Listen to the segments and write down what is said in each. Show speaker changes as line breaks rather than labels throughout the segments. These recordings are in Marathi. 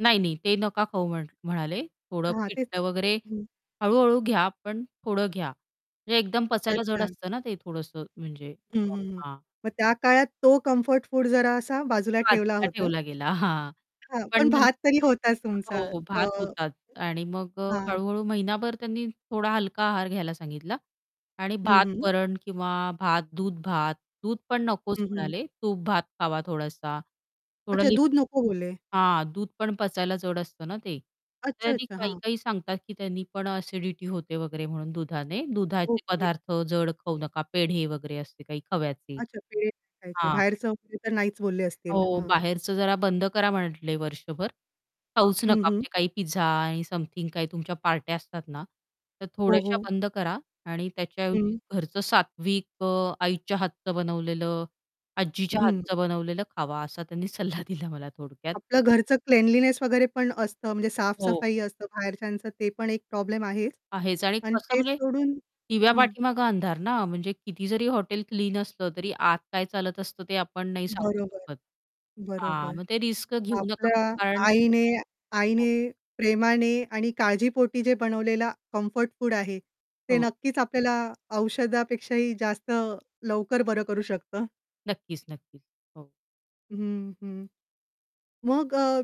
नाही, नाही ते नका खाऊ म्हण म्हणाले, थोडं
हां, तेच.
पिठलं वगैरे
हं.
हळू-हळू घ्या, पण थोडं घ्या, म्हणजे एकदम. पचायला जड
अच्छा.
असतं ना, ते थोडंसं म्हणजे
हं,
[unintelligible]
हं, हं.
हां.
मग त्या काळात तो कम्फर्ट फूड जरा असा बाजूला ठेवला
बाजूला
होता.
ठेवला गेला. हां.
हां, पण
पण नंत
भात तरी होताच
हो,
तुमचा
हो.
अ,
भात होतात आणि मग अ,
हां.
हळू-हळू महिनाभर त्यांनी थोडा हलका आहार घ्यायला सांगितला आणि
हं, हं.
भात-वरण किंवा भात-दूध, भात, दूध पण नकोच
हं, हं.
म्हणाले, तूप-भात खावा, थोडासा थोडा
अच्छा,
ली
दूध नको बोलले.
हां, दूध पण पचायला जड असतं ना ते, तरी
अच्छा-अच्छा, हां.
काही-काही सांगतात की त्यांनी पण ॲसिडिटी होते वगैरे म्हणून दुधाने. दुधाचे
ओके.
पदार्थ जड खाऊ नका, पेढे वगैरे असते काही खव्याचे.
अच्छा, पेढे नाही खायचे,
हां.
बाहेरचं वगैरे तर नाहीच बोलले असतील,
हो,
हां.
बाहेरचं जरा बंद करा म्हटले वर्षभर, खाऊच
हं,
नका
हं.
म्हणजे काही पिझ्झा आणि समथिंग काही तुमच्या पार्ट्या असतात ना, तर
हो,
थोड्याशा
हो.
बंद करा आणि त्याच्याऐवजी
हं.
घरचं सात्विक अ, आईच्या हातचं बनवलेलं, आजीच्या
हं.
हातचं बनवलेलं खावा असा त्यांनी सल्ला दिला. मला थोडक्यात.
आपलं घरचं क्लिनलीनेस वगैरे पण असतं म्हणजे
हो.
साफ-सफाई असते, बाहेरच्यांचं ते पण एक प्रॉब्लेम आहेच
आहेच आणि
आणि
कसं
तेच
म्हणजे
सोडून
दिव्या
हं.
पाठीमागे अंधार ना, म्हणजे किती जरी हॉटेल क्लीन असलं तरी आत काय चालत असतं, ते आपण नाही सांगू.
बरोबर,
शकत. हां,
बरोबर.
मग ते रिस्क घेऊ नका
आपल्या
कारण
आईने
हो.
आईने प्रेमाने आणि काळजीपोटी जे बनवलेला कम्फर्ट फूड आहे, ते
हो.
नक्कीच आपल्याला औषधापेक्षाही जास्त लवकर बरं करू शकतं.
नक्कीच, नक्कीच. हो.
हं, हं. मग अ,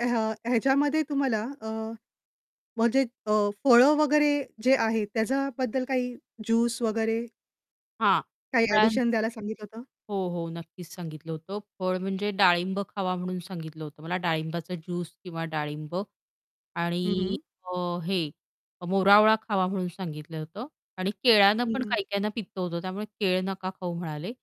ह्य ह्याच्यामध्ये तुम्हाला अ, म्हणजे अ, फळं वगैरे जे आहेत त्याच्याबद्दल काही ज्यूस वगैरे?
हां.
काही
[unintelligible]
ॲडिशन द्यायला सांगितलं होतं.
हो, हो. नक्कीच सांगितलं होतं फळ म्हणजे डाळिंब खावा म्हणून सांगितलं होतं मला डाळिंबाचा ज्यूस किंवा डाळिंब
हं,
आणि
हं.
अ, हे मोरावळा खावा म्हणून सांगितलं होतं आणि केळ्यानं
हं,
पण
हं.
काही काहींना पित्तं होतं त्यामुळे केळं नका खाऊ म्हणाले.